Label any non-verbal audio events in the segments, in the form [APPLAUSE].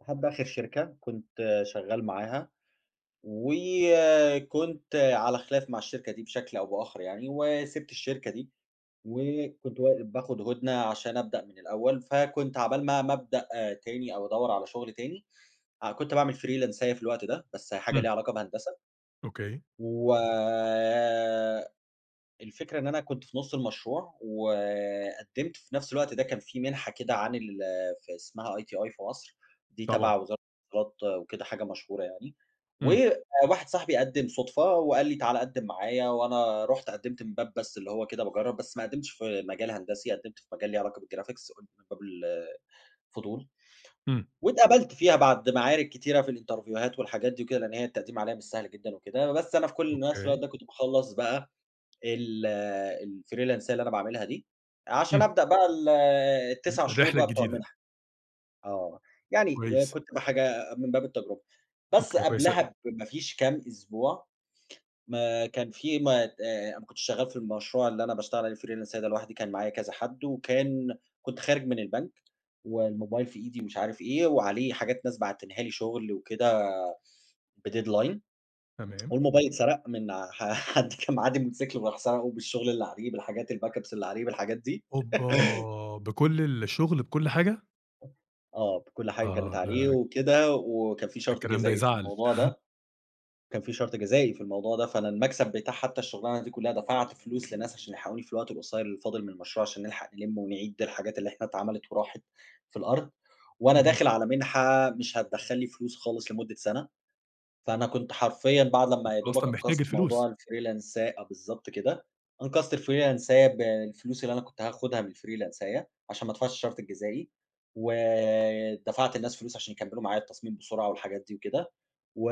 لحد آخر شركة كنت شغال معاها، وكنت على خلاف مع الشركة دي بشكل أو بآخر يعني، وسِبت الشركة دي، وكنت و باخد هُدنة عشان ابدأ من الأول، فكنت عقبال ما ما ابدأ تاني أو أدوّر على شغل تاني، آه كنت باعمل فريلانساية في الوقت ده، بس أهي حاجة ليها إمم. علاقة بهندسة، أوكي. و الفكرة إن أنا كنت في نُص المشروع، وقدّمت في نفْس الوقت ده كان في مِنحة كده عن ال في اسمها ITI في مصر، دي طبعًا. تبع وزارة [UNINTELLIGIBLE] وكده حاجة مشهورة يعني، إمم. وواحد صاحبي قدّم صدفة وقال لي: "تعالَ قدّم معايا،" وأنا رُحت قدّمت من باب بس اللي هو كده باجرّب، بس ما قدّمتش في مجال هندسي، قدّمت في مجال ليه علاقة بالجرافيكس قلت من باب الفضول، إمم. واتقبلت فيها بعد معارك كتيرة في الإنترفيوهات والحاجات دي وكده لإن هي التقديم عليها مش سهل جدًا وكده، بس أنا في كلّ نفْس الوقت أوكي. ده كنت باخلّص بقى ال الفريلانساية اللي أنا باعملها دي، عشان إمم. ابدأ بقى ال ز ال9 شهور الرحلة بقى بتوع الجديدة. المِنحة، آه، يعني كويس. كنت ب حاجة من باب التجربة. بس أوكي كويس أ قبلها بما فيش كام أسبوع، ما كان في ما ت أنا ما كنتش شغال في المشروع اللي أنا باشتغل عليه فريلانساية ده لوحدي كان معايا كذا حد، وكان كنت خارج من البنك، والموبايل في إيدي مش عارف إيه، وعليه حاجات ناس باعتينها لي شُغل وكده بdeadline، [TSK] تمام. والموبايل اتسرق من ع حد كان معدّي بموتوسيكل وراح سَرَقه بالشغل اللي عليه بالحاجات الBack ups اللي عليه بالحاجات دي. أوبا! بكلّ [LAUGHS] الشغل، بكلّ حاجة؟ آه بكلّ حاجة كانت آه عليه، ده [UNINTELLIGIBLE] وكده وكان في شرط الكلام ده جزائي في يزعَّل. الموضوع [CHUCKLES] ده، كان في شرط جزائي في الموضوع ده، فأنا المكسب بتاع حتّى الشغلانة دي كلّها دفعت فلوس لناس عشان يلحقوني في الوقت القصير اللي فاضل من المشروع، عشان نلحق نلمّه ونعيد الحاجات اللي إحنا اتعملت وراحت في الأرض، وأنا اهم. داخل على مِنحة مش هتدخّل لي فلوس خالص لمدّة سنة، فأنا كنت حرفيًا بعد أنت لما يادوبك أصلًا محتاج أنقذت الفلوس. موضوع الfreelance أ بالضبط كده، أنقذت الفريلانساية بالفلوس اللي أنا كنت هاخدها من الفريلانساية عشان ما ادفعش الشرط الجزائي، ودفعت للناس فلوس عشان يكمّلوا معايا التصميم بسرعة والحاجات دي وكده، و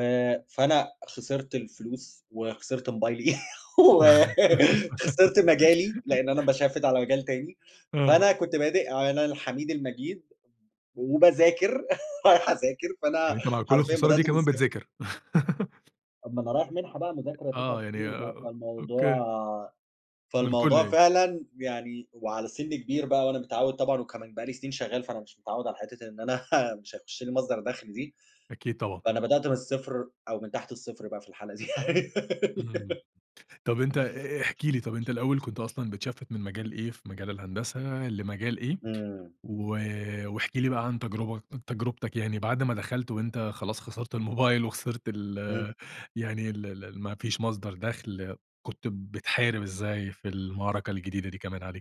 فأنا خسرت الفلوس, وخسرت موبايلي [LAUGHS] و خسرت مجالي، لإن أنا [GIGGLES] باشفِّت على مجال تاني، آه. فأنا كنت بادئ على الحميد المجيد، وباذاكر، [CHUCKLES] رايح اذاكر، يعني فأنا أنت مع كلّ حرفيًا الخسارة دي بدأت من كمان الصفر. بتذاكر. [LAUGHS] طب ما أنا رايح مِنحة بقى [UNINTELLIGIBLE] مذاكرة 9 آه يعني شهور أ بقى أ أوكي. فالموضوع من كلّه فالموضوع يعني. فعلًا يعني، وعلى سِن كبير بقى وأنا متعوّد طبعًا وكمان بقى لي سنين شغال فأنا مش متعوّد على حتّة إن أنا [CHUCKLES] مش هيُخش لي مصدر دَخْل دي، أكيد طبعًا. فأنا بدأت من الصفر أو من تحت الصفر بقى في الحالة دي. إمم. [GIGGLES] طب أنت أ احكِ لي، طب أنت الأول كنت أصلًا بتشفِّت من مجال إيه في مجال الهندسة لمجال إيه؟ إمم. و واحكِ لي بقى عن تجربك تجربتك يعني، بعد ما دخلت وأنت خلاص خسرت الموبايل وخسرت إمم. ال يعني ال ال ما فيش مصدر دَخْل، كنت بتحارب إزاي في المعركة الجديدة دي كمان عليك؟